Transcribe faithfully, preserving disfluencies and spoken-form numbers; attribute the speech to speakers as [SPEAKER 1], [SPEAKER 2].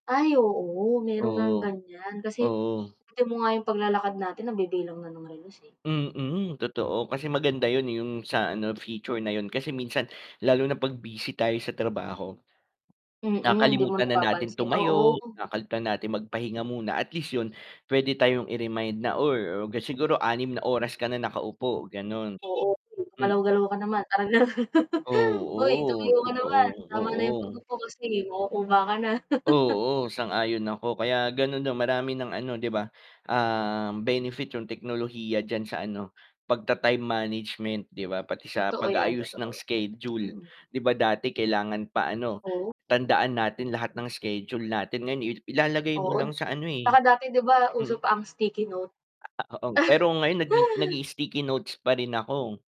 [SPEAKER 1] Ay oo meron ngang
[SPEAKER 2] Oo.
[SPEAKER 1] ganyan kasi,
[SPEAKER 2] Oo.
[SPEAKER 1] pati mo nga yung paglalakad natin nabibilang na ng relos eh.
[SPEAKER 2] Mm, totoo kasi maganda yun yung sa ano feature na yun, kasi minsan, lalo na pag busy tayo sa trabaho.
[SPEAKER 1] Mm, hindi mo
[SPEAKER 2] Nakakalimutan na natin
[SPEAKER 1] napapansin,
[SPEAKER 2] tumayo,
[SPEAKER 1] oo.
[SPEAKER 2] nakakalimutan natin magpahinga muna, at least yun pwede tayong i-remind na or siguro anim na oras ka na nakaupo, ganon.
[SPEAKER 1] Oo,
[SPEAKER 2] Hmm.
[SPEAKER 1] "Gumalaw-galaw ka naman," parang ganon. "Hoy
[SPEAKER 2] Oo,
[SPEAKER 1] tumayo ka naman,
[SPEAKER 2] totoo,
[SPEAKER 1] tama na yung
[SPEAKER 2] oo.
[SPEAKER 1] pag-upo kasi makukuba ka na."
[SPEAKER 2] Oo, sang-ayon ako, kaya ganun marami ng ano 'di ba, ah, benefit yung teknolohiya diyan sa ano, pagta-time management 'di ba, pati sa
[SPEAKER 1] Totoo yan,
[SPEAKER 2] pag-aayos ng
[SPEAKER 1] totoo.
[SPEAKER 2] schedule.
[SPEAKER 1] Mm.
[SPEAKER 2] 'Di ba dati kailangan pa ano,
[SPEAKER 1] O
[SPEAKER 2] tandaan natin lahat ng schedule natin, ngayon i ilalagay mo
[SPEAKER 1] Oo,
[SPEAKER 2] lang sa ano
[SPEAKER 1] tsaka
[SPEAKER 2] eh,
[SPEAKER 1] dati 'di ba uso
[SPEAKER 2] mm
[SPEAKER 1] pa ang sticky note.
[SPEAKER 2] Ah, oo pero ngayon nag nagii-sticky notes pa rin ako.